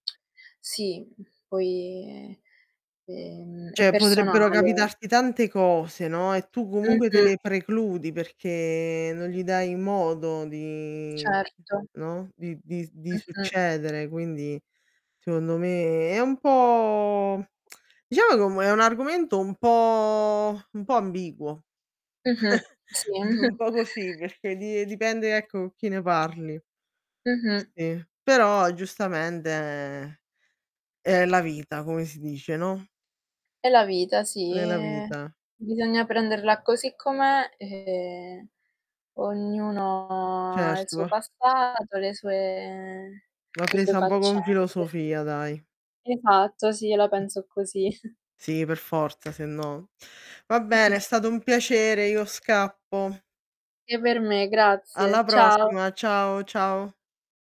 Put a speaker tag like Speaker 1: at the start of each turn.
Speaker 1: Sì, poi, ehm, è
Speaker 2: Cioè potrebbero
Speaker 1: personale.
Speaker 2: capitarti tante cose, no, e tu comunque te
Speaker 1: Mh-mh.
Speaker 2: le precludi perché non gli dai modo di,
Speaker 1: Certo.
Speaker 2: no, di di di
Speaker 1: Mh-mh.
Speaker 2: succedere quindi, secondo me è un po' diciamo che è è un argomento un po' un po' ambiguo,
Speaker 1: Mh-mh. Sì.
Speaker 2: un po' così perché di dipende ecco, con chi ne parli.
Speaker 1: Mh-mh.
Speaker 2: Sì, però giustamente è la vita come si dice, no?
Speaker 1: È la vita sì,
Speaker 2: È la
Speaker 1: eh,
Speaker 2: vita.
Speaker 1: bisogna prenderla così com'è e ognuno ha il suo
Speaker 2: Certo.
Speaker 1: passato, le sue
Speaker 2: Va
Speaker 1: le sue
Speaker 2: presa un po' con
Speaker 1: faccende.
Speaker 2: filosofia dai.
Speaker 1: Esatto, sì, io la
Speaker 2: Mh.
Speaker 1: penso così.
Speaker 2: Sì, per forza se no va bene è stato un piacere, io scappo.
Speaker 1: E per me, grazie.
Speaker 2: Alla
Speaker 1: Ciao.
Speaker 2: prossima, ciao, ciao.